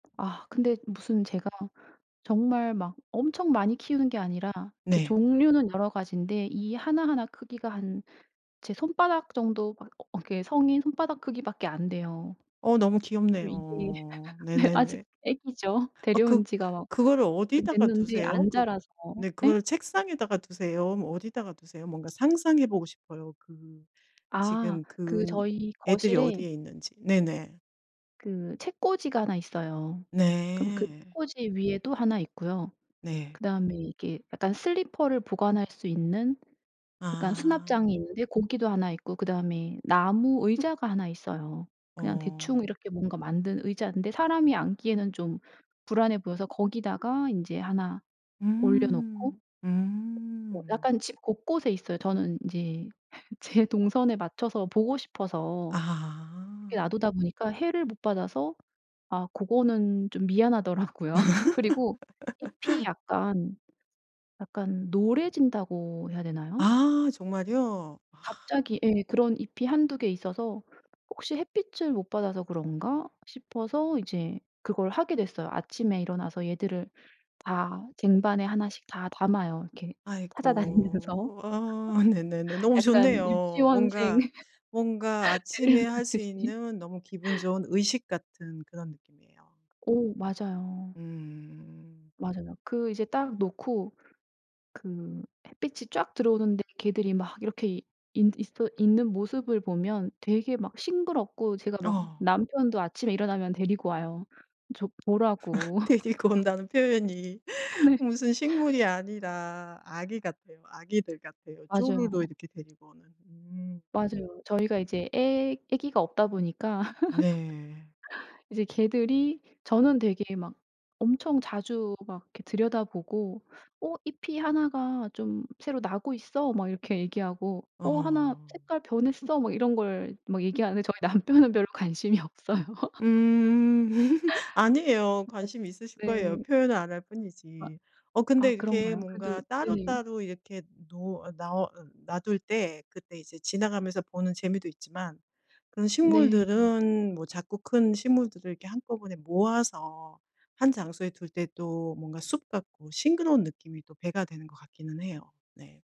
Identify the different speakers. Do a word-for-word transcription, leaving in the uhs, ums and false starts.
Speaker 1: 아. 근데 무슨 제가 정말 막 엄청 많이 키우는 게 아니라 이렇게
Speaker 2: 네.
Speaker 1: 종류는 여러 가지인데 이 하나하나 크기가 한 제 손바닥 정도 막 어 이렇게 성인 손바닥 크기밖에 안 돼요.
Speaker 2: 어 너무
Speaker 1: 그리고 이게
Speaker 2: 귀엽네요.
Speaker 1: 네 아직
Speaker 2: 네네네.
Speaker 1: 아기죠.
Speaker 2: 어 그
Speaker 1: 데려온 지가 막
Speaker 2: 그거를
Speaker 1: 좀
Speaker 2: 어디다가
Speaker 1: 됐는데
Speaker 2: 두세요?
Speaker 1: 안
Speaker 2: 그
Speaker 1: 자라서.
Speaker 2: 네
Speaker 1: 예?
Speaker 2: 그거를 책상에다가 두세요? 뭐 어디다가 두세요? 뭔가 상상해 보고 싶어요. 그
Speaker 1: 아.
Speaker 2: 지금
Speaker 1: 그
Speaker 2: 그
Speaker 1: 저희
Speaker 2: 애들이
Speaker 1: 거실에
Speaker 2: 어디에 있는지. 네네.
Speaker 1: 그 책꽂이가 하나 있어요. 그럼 그
Speaker 2: 네.
Speaker 1: 책꽂이 위에도 하나 있고요.
Speaker 2: 네.
Speaker 1: 그다음에 이게 약간 슬리퍼를 보관할 수 있는 약간
Speaker 2: 아.
Speaker 1: 수납장이 있는데 고기도 하나 있고 그다음에 나무 의자가 하나 있어요. 그냥 대충
Speaker 2: 어.
Speaker 1: 이렇게 뭔가 만든 의자인데 사람이 앉기에는 좀 불안해 보여서 거기다가 인제 하나 올려놓고
Speaker 2: 음.
Speaker 1: 어
Speaker 2: 음.
Speaker 1: 약간 집 곳곳에 있어요. 저는 인제 제 동선에 맞춰서 보고 싶어서 이렇게
Speaker 2: 아.
Speaker 1: 놔두다 보니까 해를 못 받아서 아 고거는 좀 미안하더라고요. 그리고 잎이 약간 약간 노래진다고 해야 되나요?
Speaker 2: 아. 정말이요? 와.
Speaker 1: 갑자기 예 그런 잎이 한두 개 있어서 혹시 햇빛을 못 받아서 그런가 싶어서 이제 그걸 하게 됐어요. 아침에 일어나서 얘들을 다 쟁반에 하나씩 다 담아요. 이렇게 찾아다니면서
Speaker 2: 아이코. 어. 네네네. 너무
Speaker 1: 약간
Speaker 2: 좋네요.
Speaker 1: 유치원생
Speaker 2: 뭔가 뭔가 아침에 할 수
Speaker 1: 데려오듯이.
Speaker 2: 있는 너무 기분 좋은 의식 같은 그런 느낌이에요.
Speaker 1: 오. 맞아요.
Speaker 2: 음.
Speaker 1: 맞아요. 그 이제 딱 놓고 그 햇빛이 쫙 들어오는데 걔들이 막 이렇게 있 있어 있는 모습을 보면 되게 막 싱그럽고 제가 막
Speaker 2: 어.
Speaker 1: 남편도 아침에 일어나면 데리고 와요. 저 보라고.
Speaker 2: 데리고 온다는 표현이
Speaker 1: 어 네.
Speaker 2: 무슨 식물이 아니라 아기 같아요. 아기들 같아요.
Speaker 1: 맞아요.
Speaker 2: 쪼르르 이렇게 데리고 오는. 음.
Speaker 1: 맞아요. 저희가 이제 애 애기가 없다 보니까
Speaker 2: 네.
Speaker 1: 이제 걔들이 저는 되게 막 엄청 자주 막 이렇게 들여다보고 "어 잎이 하나가 좀 새로 나고 있어." 막 이렇게 얘기하고 "어 하나
Speaker 2: 어.
Speaker 1: 색깔 변했어." 뭐 이런 걸 막 얘기하는데 저희 남편은 별로 관심이 없어요.
Speaker 2: 음. 아니에요.
Speaker 1: 음 맞아
Speaker 2: 관심 있으실 거예요.
Speaker 1: 네.
Speaker 2: 표현을 안 할
Speaker 1: 아
Speaker 2: 뿐이지. 어 근데
Speaker 1: 아
Speaker 2: 이렇게
Speaker 1: 그런가요?
Speaker 2: 뭔가
Speaker 1: 그래도 네네.
Speaker 2: 따로따로 이렇게 노 어 나으 놔둘 때 그때 이제 지나가면서 보는 재미도 있지만 그런
Speaker 1: 네.
Speaker 2: 식물들은 뭐 작고 큰 식물들을 이렇게 한꺼번에 모아서 한 장소에 둘 때 또 뭔가 숲 같고 싱그러운 느낌이 또 배가 되는 것 같기는 해요. 네.